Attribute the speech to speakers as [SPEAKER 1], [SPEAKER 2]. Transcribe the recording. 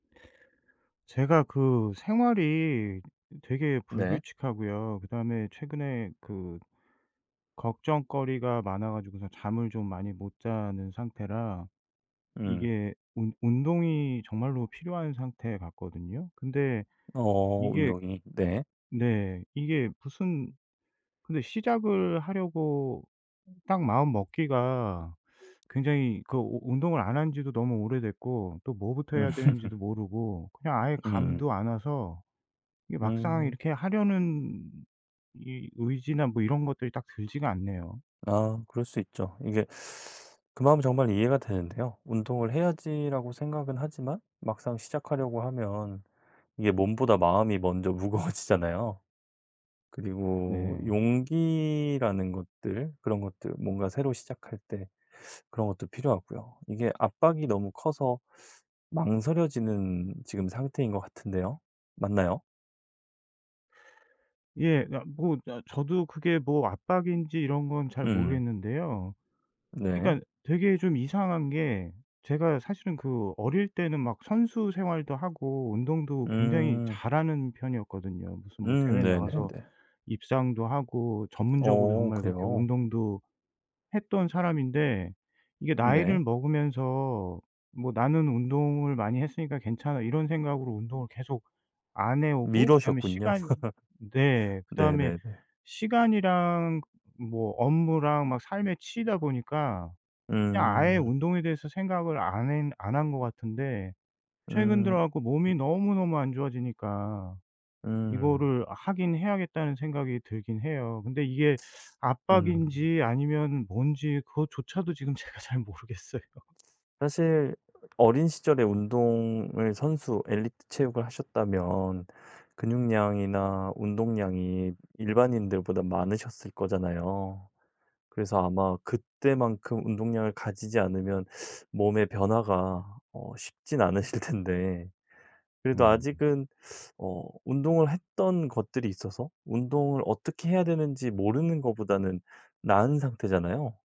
[SPEAKER 1] 제가 그 생활이 되게
[SPEAKER 2] 네.
[SPEAKER 1] 불규칙하고요. 그다음에 최근에 그 걱정거리가 많아 가지고서 잠을 좀 많이 못 자는 상태라
[SPEAKER 2] 음.
[SPEAKER 1] 이게 운 운동이 정말로 필요한 상태 같거든요. 근데
[SPEAKER 2] 어어
[SPEAKER 1] 이게
[SPEAKER 2] 운동이. 네.
[SPEAKER 1] 네 이게 무슨 근데 시작을 하려고 딱 마음먹기가 굉장히 그 우 운동을 안 한 지도 너무 오래됐고 또 뭐부터
[SPEAKER 2] 음.
[SPEAKER 1] 해야 되는지도 모르고 그냥 아예
[SPEAKER 2] 음.
[SPEAKER 1] 감도 안 와서 이게 막상
[SPEAKER 2] 음.
[SPEAKER 1] 이렇게 하려는 이 의지나 뭐 이런 것들이 딱 들지가 않네요.
[SPEAKER 2] 아 그럴 수 있죠. 이게 그 마음은 정말 이해가 되는데요. '운동을 해야지.'라고 생각은 하지만 막상 시작하려고 하면 이게 몸보다 마음이 먼저 무거워지잖아요. 그리고
[SPEAKER 1] 네.
[SPEAKER 2] 용기라는 것들 그런 것들 뭔가 새로 시작할 때 그런 것도 필요하고요. 이게 압박이 너무 커서 망설여지는 지금 상태인 것 같은데요. 맞나요?
[SPEAKER 1] 예. 그러니까 뭐 아 저도 그게 뭐 압박인지 이런 건 잘
[SPEAKER 2] 음.
[SPEAKER 1] 모르겠는데요.
[SPEAKER 2] 네.
[SPEAKER 1] 그러니까 되게 좀 이상한 게 제가 사실은 그 어릴 때는 막 선수 생활도 하고 운동도 굉장히
[SPEAKER 2] 음.
[SPEAKER 1] 잘하는 편이었거든요. 무슨 뭐
[SPEAKER 2] 음
[SPEAKER 1] 대회 나가서
[SPEAKER 2] 네네네.
[SPEAKER 1] 입상도 하고 전문적으로
[SPEAKER 2] 어
[SPEAKER 1] 정말 그렇게
[SPEAKER 2] 그래요?
[SPEAKER 1] 운동도 했던 사람인데 이게
[SPEAKER 2] 음
[SPEAKER 1] 나이를
[SPEAKER 2] 네.
[SPEAKER 1] 먹으면서 '뭐 나는 운동을 많이 했으니까 괜찮아.' 이런 생각으로 운동을 계속 안 해 오고 그다음에
[SPEAKER 2] 미루셨군요.
[SPEAKER 1] 시간 네.
[SPEAKER 2] 네
[SPEAKER 1] 그다음에
[SPEAKER 2] 네 네.
[SPEAKER 1] 시간이랑 뭐 업무랑 막 삶에 치이다 보니까 그냥 아예
[SPEAKER 2] 음.
[SPEAKER 1] 운동에 대해서 생각을 안 핸 안 한 것 같은데 최근
[SPEAKER 2] 음.
[SPEAKER 1] 들어 갖고
[SPEAKER 2] 음.
[SPEAKER 1] 몸이 너무너무 안 좋아지니까
[SPEAKER 2] 음.
[SPEAKER 1] 이거를 하긴 해야겠다는 생각이 들긴 해요. 근데 이게
[SPEAKER 2] 음.
[SPEAKER 1] 압박인지 아니면 뭔지 그것조차도 지금 제가 잘 모르겠어요.
[SPEAKER 2] 사실 어린 시절에 운동을 선수, 엘리트 체육을 하셨다면 근육량이나 운동량이 일반인들보단 많으셨을 거잖아요. 그래서 아마 그때만큼 운동량을 가지지 않으면 몸의 변화가 어 쉽진 않으실 텐데 그래도
[SPEAKER 1] 네.
[SPEAKER 2] 아직은 어 운동을 했던 것들이 있어서 운동을 어떻게 해야 되는지 모르는 거보다는 나은 상태잖아요.